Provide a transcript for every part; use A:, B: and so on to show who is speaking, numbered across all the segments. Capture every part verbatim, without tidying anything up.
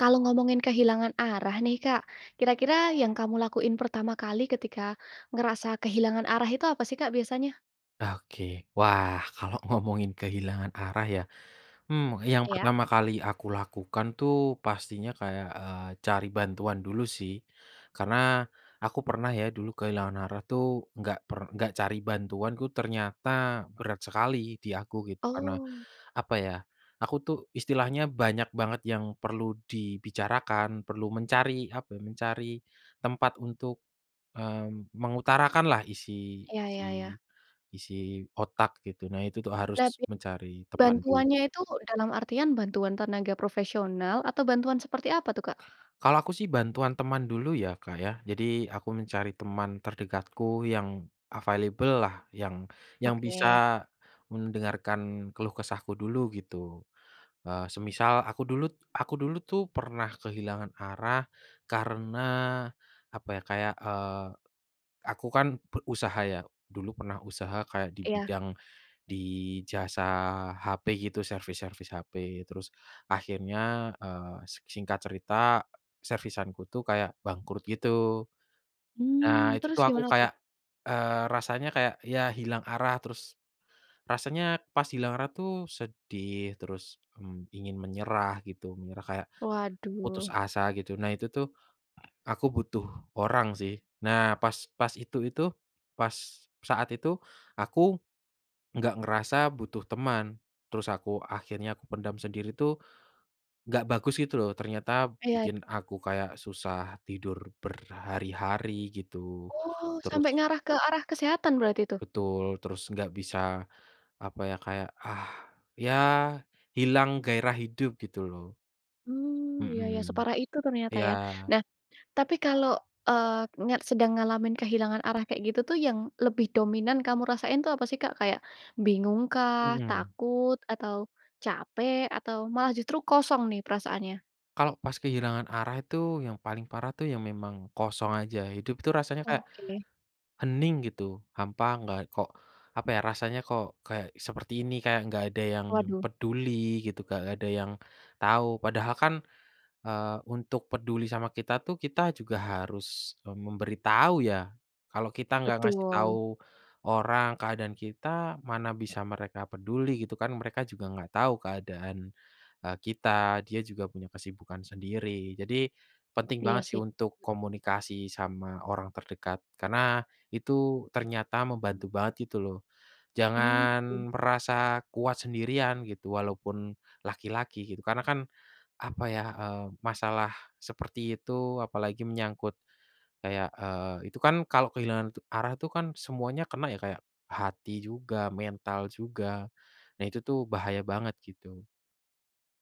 A: Kalau ngomongin kehilangan arah nih Kak, kira-kira yang kamu lakuin pertama kali ketika ngerasa kehilangan arah itu apa sih Kak biasanya?
B: Oke. Wah kalau ngomongin kehilangan arah ya, hmm, yang
A: Iya.
B: pertama kali aku lakukan tuh pastinya kayak, eee, cari bantuan dulu sih. Karena aku pernah ya dulu kehilangan arah tuh nggak per nggak cari bantuan tuh ternyata berat sekali di aku gitu karena
A: Oh.
B: apa ya aku tuh istilahnya banyak banget yang perlu dibicarakan, perlu mencari apa, mencari tempat untuk, mmm, mengutarakanlah isi
A: Iya iya
B: isi
A: iya.
B: isi otak gitu, nah itu tuh harus
A: Nah bi
B: mencari pemandu.
A: bantuannya itu dalam artian bantuan tenaga profesional atau bantuan seperti apa tuh Kak?
B: Kalau aku sih bantuan teman dulu ya Kak ya, jadi aku mencari teman terdekatku yang available lah yang yang bisa
A: Oke.
B: mendengarkan keluh kesahku dulu gitu, eee, semisal aku dulu t aku dulu tuh pernah kehilangan arah karena apa ya, kayak, eee, aku kan pe usaha ya, dulu pernah usaha kayak di
A: Iya.
B: bidang di jasa HP gitu, servis-servis HP, terus akhirnya, eee, sek singkat cerita servisan ku tuh kayak bangkrut gitu. Nah
A: Mmm,
B: itu
A: terus
B: tuh aku
A: gimana tuh?
B: kayak, eee, rasanya kayak ya hilang arah, terus rasanya pas hilang arah tuh sedih, terus, mmm, ingin menyerah gitu, menyerah kayak putus
A: Waduh.
B: asa gitu, nah itu tuh aku butuh orang sih. Nah pas pas itu itu pas saat itu aku nggak ngerasa butuh teman, terus aku akhirnya aku pendam sendiri tuh nggak bagus gitu loh, ternyata
A: Iya.
B: bikin aku kayak susah tidur berhari-hari gitu.
A: Oh, sampai
B: Terus
A: ngarah ke arah kesehatan berarti itu?
B: Betul. Terus nggak bisa apa ya, kayak, ah, ya hilang gairah hidup gitu loh.
A: Mmm, iya iya,
B: Mhm.
A: separah itu ternyata
B: Iya.
A: ya. Nah tapi kalau, eee, nyak sedang ngalamin kehilangan arah kayak gitu tuh yang lebih dominan kamu rasain itu apa sih Kak? Kayak bingung kah,
B: Mhm.
A: takut, atau capek, atau malah justru kosong nih perasaannya?
B: Kalo pas kehilangan arah itu, yang paling parah tuh ya memang kosong aja, hidup tuh rasanya kayak,
A: Oke.
B: hening gitu, hampa nggak, kok apa ya, rasanya kok, kayak seperti ini, kayak nggak ada yang
A: Waduh.
B: peduli gitu, nggak ada yang tahu, padahal kan, eee, untuk peduli sama kita tuh kita juga harus, eee, memberitahu ya? Kalau kita nggak ngasih
A: Betul.
B: tahu orang keadaan kita, mana bisa mereka peduli gitu kan, mereka juga nggak tahu keadaan, eee, kita, dia juga punya kesibukan sendiri. Jadi, penting
A: Iya
B: banget sih
A: sih.
B: untuk komunikasi sama orang terdekat, karena, itu, ternyata membantu banget gitu loh.
A: Hmm. Iya
B: Jangan
A: sih.
B: merasa kuat sendirian, gitu, walaupun laki-laki gitu, karena kan, apa ya, eee, masalah seperti itu, apalagi menyangkut kayak, eee, itu kan kalau kehilangan arah itu kan, semuanya kena ya, kayak, hati juga, mental juga. Nah itu tuh bahaya banget gitu.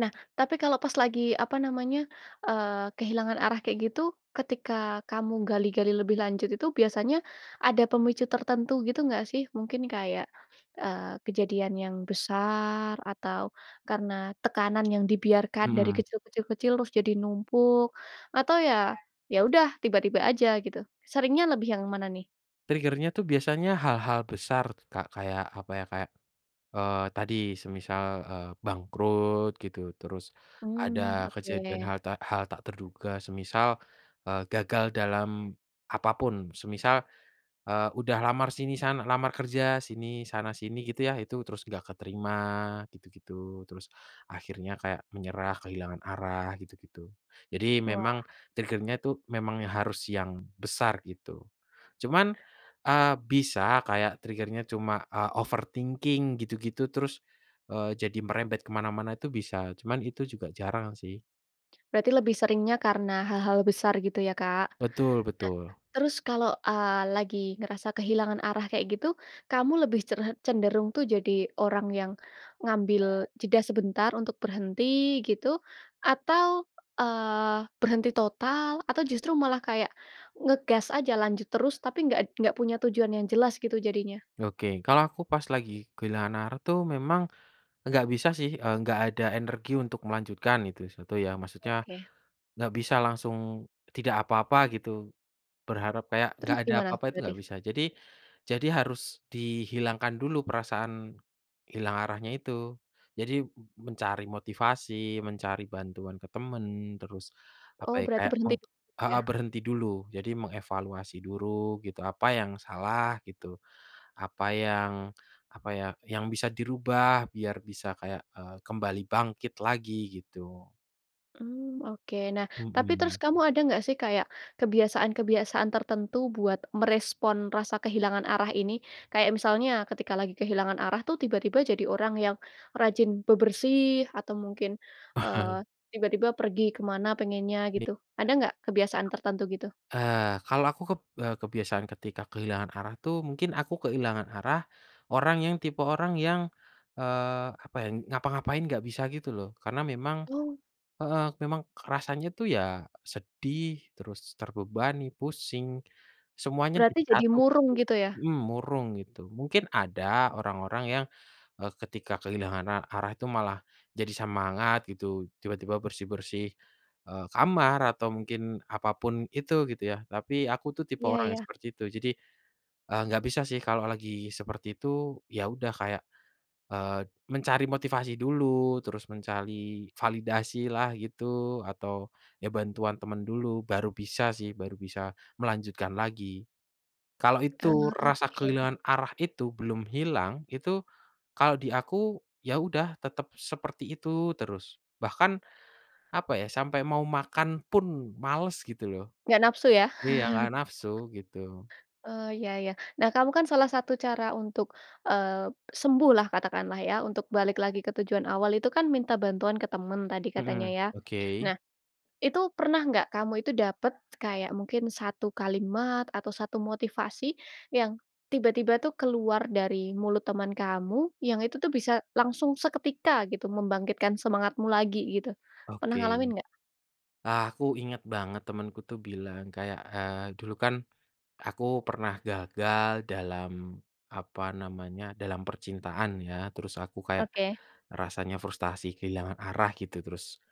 A: Nah tapi kalau pas lagi, apa namanya, eee, kehilangan arah kayak itu, ketika kamu gali-gali lebih lanjut itu, biasanya, ada pemicu tertentu gitu nggak sih? Mungkin kayak, eee, kejadian yang besar, atau, karena tekanan yang dibiarkan dari
B: Mmm.
A: kecil, kecil, kecil, terus jadi numpuk, atau ya, ya udah, tiba-tiba aja gitu. Seringnya lebih yang mana nih?
B: Trigger-nya tuh biasanya hal-hal besar, Kak, kayak apa ya, kayak, eee, tadi semisal, eee, bangkrut gitu, terus,
A: Mmm,
B: ada kejadian
A: oke.
B: hal tak hal tak terduga, semisal, eee, gagal dalam apa pun, semisal, eee, udah lamar sini sana lamar kerja, sini, sana sini gitu ya, itu terus nggak keterima gitu-gitu, terus, akhirnya kayak menyerah kehilangan arah gitu-gitu. Jadi memang,
A: Wah.
B: trigger-nya itu memang harus yang besar gitu. Cuman, eee, bisa kayak trigger-nya, cuma, eee, overthinking gitu-gitu, terus, eee, jadi merembet ke mana-mana itu bisa, cuman itu juga jarang sih.
A: Berarti lebih seringnya karena hal-hal besar gitu ya Kak.
B: Betul
A: Nah
B: betul.
A: terus kalau, eee, lagi ngerasa kehilangan arah kayak gitu, kamu lebih creh cenderung tuh jadi orang yang ngambil jeda sebentar untuk berhenti gitu atau, eee, berhenti total atau justru malah kayak ngegas aja lanjut terus tapi enggak enggak punya tujuan yang jelas gitu jadinya?
B: Oke, kalau aku pas lagi kehilangan arah tuh memang nggak, bisa sih, eee, nggak ada energi untuk melanjutkan itu satu ya maksudnya,
A: Oke.
B: nggak bisa langsung tidak apa-apa gitu, berharap kayak
A: Terus
B: nggak ada
A: gimana
B: apa-apa itu
A: berarti?
B: nggak bisa jadi jadi harus dihilangkan dulu perasaan, hilang arahnya itu. Jadi mencari motivasi, mencari bantuan ke teman terus apa
A: Oh
B: ya
A: berarti
B: kayak
A: berhenti
B: meng
A: dulu ya?
B: heeh, berhenti dulu jadi mengevaluasi duru gitu apa yang salah gitu, apa yang apa ya yang bisa dirubah biar bisa kayak, eee, kembali bangkit lagi gitu.
A: Mmm, oke nah tapi terus
B: Mhm.
A: kamu ada nggak sih kayak kebiasaan-kebiasaan tertentu buat merespon rasa kehilangan arah ini? Kayak misalnya ketika lagi kehilangan arah tuh tiba-tiba jadi orang yang rajin bebersih atau mungkin, eee, tiba-tiba pergi ke mana pengennya
B: Iya.
A: gitu? Ada nggak kebiasaan tertentu gitu?
B: Eee, Kalau aku keb e kebiasaan ketika kehilangan arah tuh mungkin aku kehilangan arah orang yang tipe orang yang, eee, apa ya ngapa-ngapain nggak bisa gitu loh karena memang
A: Wow.
B: heeh, memang kerasanya tuh ya sedih terus terbebani, pusing semuanya
A: Berarti
B: jadi
A: jadi
B: satu gitu,
A: murung gitu ya?
B: mhm, murung gitu mungkin ada orang-orang yang, eee, ketika kehilangan a arah itu malah jadi semangat gitu tiba-tiba bersih-bersih, eee, kamar atau mungkin apa pun itu gitu ya tapi aku tuh tipe
A: Iya
B: orang
A: iya.
B: yang seperti itu jadi, eee, gak bisa sih kalau lagi seperti itu ya udah kayak, eee, mencari motivasi dulu terus mencari validasilah gitu atau ya bantuan teman dulu baru bisa sih baru bisa melanjutkan lagi. Kalau itu
A: Ah,
B: rasa
A: oke.
B: kehilangan arah itu belum hilang itu, kalau di aku ya udah tetap seperti itu terus, bahkan apa ya sampai mau makan pun malas gitu loh.
A: Nggak nafsu ya?
B: Iya gak nafsu gitu.
A: Eee, iya iya, nah kamu kan salah satu cara untuk, eee, sembuhlah katakanlah ya untuk balik lagi ke tujuan awal itu kan minta bantuan ke teman tadi katanya
B: Mhm,
A: ya,
B: oke.
A: nah itu pernah nggak kamu itu dapat kayak mungkin satu kalimat atau satu motivasi yang tiba-tiba tuh keluar dari mulut teman kamu yang itu tuh bisa langsung seketika gitu membangkitkan semangatmu lagi gitu, pernah
B: Oke,
A: ngalamin nggak?
B: aku ingat banget temanku tuh bilang kayak, eee, dulu kan, aku pernah gagal dalam, apa namanya dalam percintaan ya terus aku kayak
A: Oke.
B: rasanya frustrasi kehilangan arah gitu terus,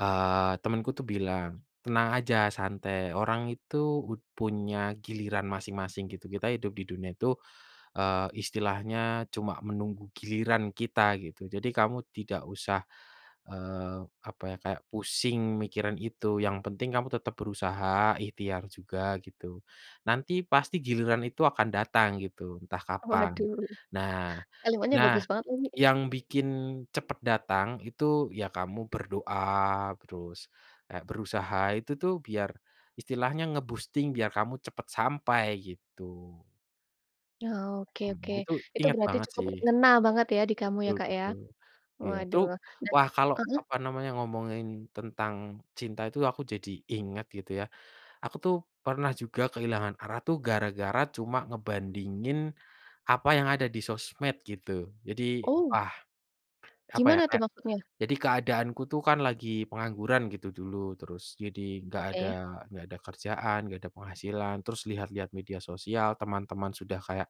B: eee, temanku tuh bilang, "Tenang aja santai orang itu ud punya giliran masing-masing, gitu. Kita hidup di dunia itu, eee, istilahnya cuma menunggu giliran kita, gitu. Jadi kamu tidak usah, eee, apa ya kayak pusing mikirin itu, yang penting kamu tetap berusaha, ikhtiar juga gitu, nanti pasti giliran itu akan datang gitu, entah kapan,
A: Waduh,
B: nah
A: kalimatnya
B: nah
A: bagus banget lagi.
B: yang bikin cepat datang itu ya kamu berdoa terus kayak berusaha itu tuh biar istilahnya nge-boosting biar kamu cepat sampai." gitu.
A: Oke oke,
B: Mhm, itu
A: itu
B: ingat
A: berarti
B: banget
A: cukup
B: sih.
A: ngena banget ya di kamu ya
B: Betul
A: Kak ya?
B: betul, iya itu
A: Waduh nah
B: wah kalau
A: heeh.
B: apa namanya ngomongin tentang cinta itu aku jadi ingat gitu ya. Aku tuh pernah juga kehilangan arah tuh gara-gara cuma ngebandingin apa yang ada di sosmed gitu, jadi
A: Oh.
B: wah apa ya
A: Gimana tuh
B: kayak,
A: maksudnya?
B: jadi keadaanku tuh kan lagi pengangguran gitu dulu terus jadi gak ada
A: Oke.
B: gak ada kerjaan gak ada penghasilan terus lihat-lihat media sosial teman-teman sudah kayak,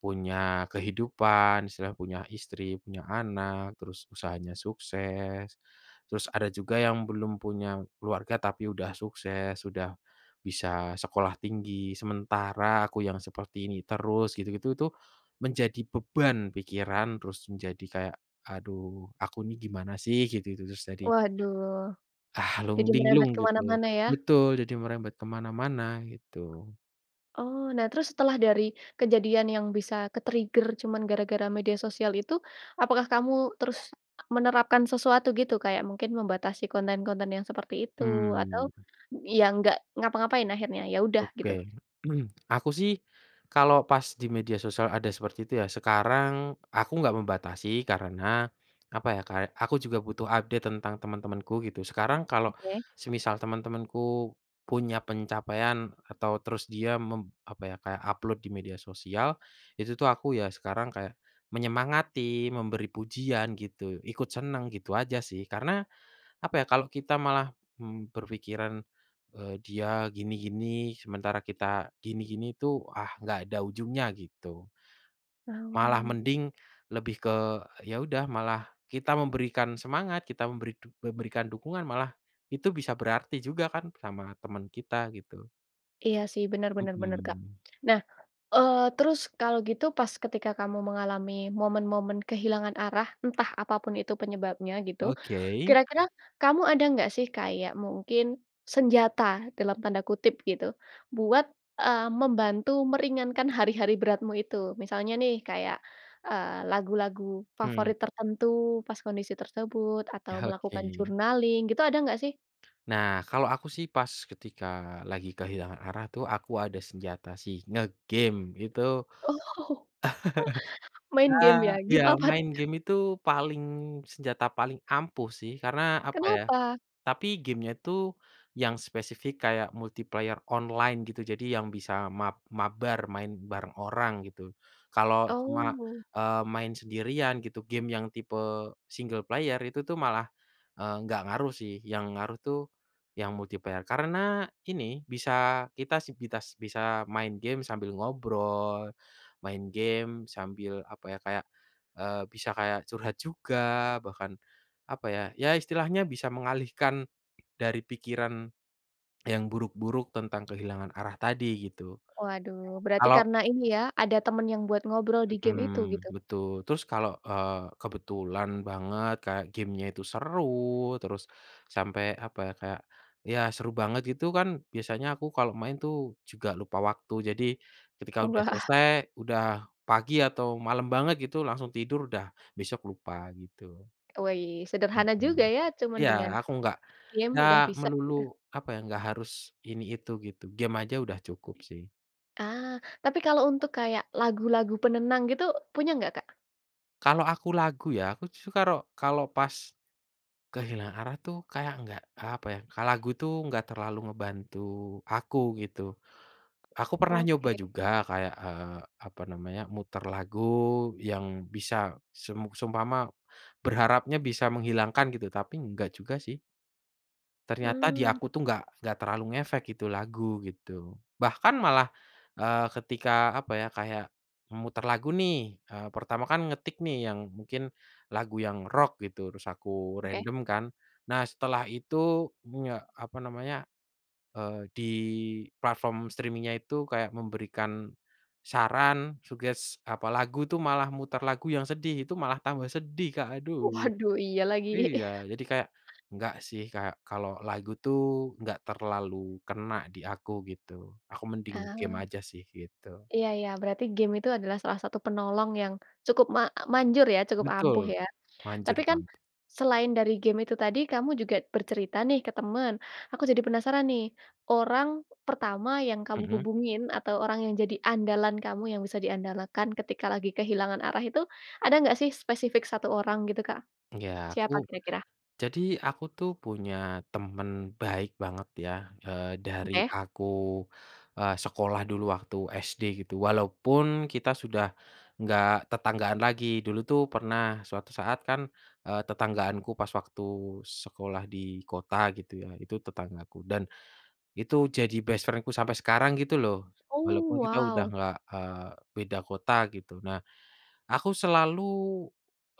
B: punya kehidupan istilahnya punya istri punya anak terus usahanya sukses, terus ada juga yang belum punya keluarga tapi sudah sukses, sudah bisa sekolah tinggi sementara aku yang seperti ini terus gitu-gitu itu menjadi beban pikiran terus menjadi kayak, "Aduh aku nih gimana sih gitu-gitu terus." jadi
A: Waduh,
B: ah, lung
A: jadi merembet
B: linglung
A: ke
B: gitu,
A: mana-mana ya.
B: betul, jadi merembet kemana-mana gitu.
A: Oh nah terus setelah dari kejadian yang bisa ke-trigger cuman gara-gara media sosial itu, apakah kamu terus menerapkan sesuatu gitu? Kayak mungkin membatasi konten-konten yang seperti itu? Atau
B: Mmm.
A: ya enggak ngapa-ngapain akhirnya, ya udah gitu?
B: Oke aku sih kalau pas di media sosial ada seperti itu ya sekarang aku nggak membatasi karena, apa ya Kak aku juga butuh update tentang teman-temanku gitu sekarang kalau
A: Oke.
B: semisal teman-temanku punya pencapaian atau terus dia mem apa ya kayak upload di media sosial, itu tuh aku ya sekarang kayak menyemangati memberi pujian gitu, ikut senang gitu aja sih karena, apa ya kalau kita malah, mmm, berpikiran, eee, dia gini-gini sementara kita gini-gini itu ah enggak ada ujungnya gitu, malah
A: Oh.
B: mending lebih ke ya udah malah kita memberikan semangat, kita memberi du memberikan dukungan malah itu bisa berarti juga kan sama teman kita gitu.
A: Iya sih, bener bener bener, Kak.
B: Mhm.
A: Nah, eee, terus, kalau gitu, pas ketika kamu mengalami momen-momen kehilangan arah, entah apapun itu penyebabnya gitu.
B: Oke.
A: Kira-kira kamu ada nggak sih kayak, mungkin "senjata" dalam tanda kutip gitu, buat eee, membantu meringankan hari-hari beratmu itu? Misalnya nih, kayak, eee, lagu-lagu
B: Hmm.
A: favorit tertentu, pas kondisi tersebut, atau
B: Ya,
A: melakukan
B: oke.
A: journaling, gitu. Ada enggak sih?
B: Nah, kalau aku sih, pas ketika lagi kehilangan arah tuh aku ada senjata sih, nge-game itu.
A: Oh, main game ya?
B: Ya, iya,
A: Game apa tuh,
B: main
A: Kak?
B: game itu paling senjata paling ampuh sih, karena apa ya
A: Kenapa?
B: tapi game-nya tuh yang spesifik kayak multiplayer online gitu. Jadi yang bisa mab mabar, main bareng orang gitu. Kalau cuma,
A: Oh.
B: eee, main sendirian gitu, game yang tipe single player itu tuh malah, eee, enggak ngaruh sih. Yang ngaruh tuh yang multiplayer, karena ini bisa kita si bitas bisa main game sambil ngobrol, main game sambil apa ya, kayak, eee, bisa kayak curhat juga. Bahkan apa ya, ya istilahnya bisa mengalihkan dari pikiran yang buruk-buruk tentang kehilangan arah tadi gitu,
A: Waduh, berarti
B: kalau
A: karena ini ya, ada teman yang buat ngobrol di game itu,
B: Mhm,
A: gitu.
B: betul. Terus kalau, eee, kebetulan banget kayak game-nya itu seru terus sampai apa ya, kayak, ya seru banget gitu kan biasanya aku kalau main tuh juga lupa waktu. Jadi, ketika udah
A: Wah.
B: selesai, udah pagi atau malam banget gitu langsung tidur udah besok lupa gitu.
A: Wih, sederhana
B: Mhm,
A: juga ya cuma
B: iya
A: dengan
B: aku enggak
A: game
B: enggak
A: udah bisa
B: melulu
A: udah
B: apa ya, enggak harus ini itu gitu. Game saja sudah cukup sih.
A: Ah. Tapi kalau untuk kayak lagu-lagu penenang gitu punya nggak Kak?
B: Kalau aku lagu ya, aku tuh karo kalau pas kehilangan arah tuh kayak nggak, apa ya, ka lagu itu nggak terlalu ngebantu aku gitu. Aku pernah nyoba
A: Oke.
B: juga kayak, eee, apa namanya, mutar lagu yang bisa sem seumpama berharapnya bisa menghilangkan gitu, tapi enggak juga sih. Ternyata di
A: Mmm.
B: aku tuh nggak nggak terlalu ngefek gitu lagu, gitu. Bahkan malah, eee, ketika, apa ya, kayak memutar lagu nih, eee, pertama kan ngetik nih yang mungkin lagu yang rock gitu, terus aku
A: Oke.
B: random kan. Nah, setelah itu, mmm, ya, apa namanya, eee, di platform streaming-nya itu kayak memberikan saran, suggest, apa, lagu itu, malah mutar lagu yang sedih, itu malah tambah sedih Kak, aduh.
A: Waduh, iya lagi.
B: Iya, jadi kayak, "Nggak sih, kayak kalau lagu itu nggak terlalu kena di aku." gitu. Aku mending nge-game
A: Ah.
B: aja sih gitu.
A: Iya iya. Berarti game itu adalah salah satu penolong yang cukup ma manjur, ya, cukup ampuh
B: Betul.
A: ya? Tapi
B: Manjur
A: kan,
B: bang.
A: selain dari game itu tadi, kamu juga bercerita nih ke teman, aku jadi penasaran nih, orang pertama yang kamu
B: Mhm.
A: hubungin atau orang yang jadi andalan kamu, yang bisa diandalkan ketika lagi kehilangan arah itu, ada nggak sih spesifik satu orang gitu Kak?
B: Ya, aku
A: Siapa kira-kira?
B: jadi aku tuh punya temen baik banget ya, eee, dari
A: Oke.
B: aku, eee, sekolah dulu waktu SD gitu, walaupun kita sudah nggak tetanggaan lagi. Dulu tuh pernah suatu saat kan, eee, tetanggaanku pas waktu sekolah di kota gitu ya itu tetanggaku, dan itu jadi best friend-ku sampai sekarang gitu loh.
A: Oh,
B: Walaupun kita udah
A: wow!
B: nggak, eee, beda kota gitu. Nah, aku selalu,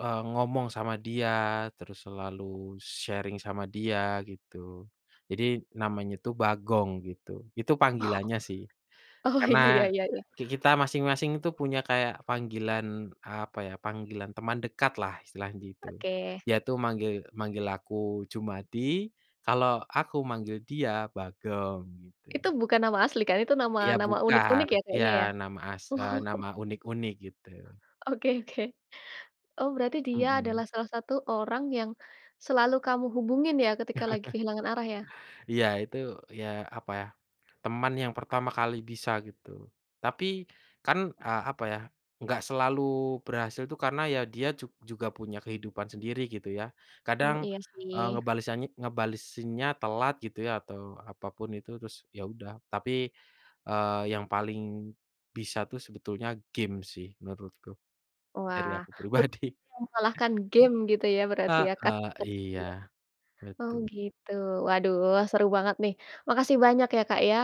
B: eee, ngomong sama dia, terus selalu sharing sama dia gitu. Jadi, namanya itu Bagong gitu. Itu
A: Oh.
B: panggilannya sih.
A: Oh, ya
B: Karena
A: ya ya ya.
B: ki kita masing-masing itu punya kayak panggilan, apa ya, panggilan teman dekatlah, istilahnya gitu.
A: Oke.
B: Dia tuh manggil manggil aku Jumadi, kalau aku manggil dia Bagong gitu.
A: Itu bukan nama asli kan? Itu nama
B: Ya,
A: nama unik-unik
B: bukan.
A: ya
B: Ya
A: kayaknya?
B: nama as eee, nama
A: Oh.
B: unik-unik, gitu.
A: Oke oke. Oh berarti dia
B: Mhm.
A: adalah salah satu orang yang selalu kamu hubungin ya ketika lagi kehilangan arah ya?
B: Iya, itu, ya, apa ya, teman yang pertama kali bisa gitu. Tapi, kan, eee, apa ya, enggak selalu berhasil itu karena ya dia jug juga punya kehidupan sendiri gitu ya.
A: Mmm,
B: Kadang,
A: iya,
B: eee,
A: sih.
B: ngebalesanya ngebalesinnya telat gitu ya, atau apapun itu, terus ya udah. Tapi, eee, yang paling bisa tuh sebetulnya game sih menurutku. Dari
A: Wah.
B: aku
A: Belum
B: pribadi.
A: ada yang mengalahkan game, gitu ya, berarti ya
B: Heeh.
A: tahta
B: Iya,
A: tertingginya? Oh
B: betu.
A: gitu. Waduh, seru banget nih. Makasih banyak ya Kak ya,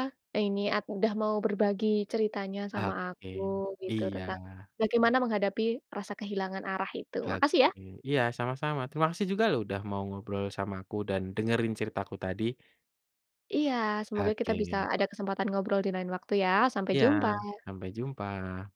A: ini at udah mau berbagi ceritanya sama aku
B: Oke.
A: gitu,
B: Iya.
A: tentang bagaimana menghadapi rasa kehilangan arah itu.
B: Oke.
A: Makasih ya!
B: Iya, sama-sama. Terima kasih juga loh udah mau ngobrol sama aku dan dengerin ceritaku tadi.
A: Iya. Semoga kita bisa
B: Oke.
A: ada kesempatan ngobrol di lain waktu ya. Sampai
B: Iya.
A: jumpa.
B: Sampai jumpa.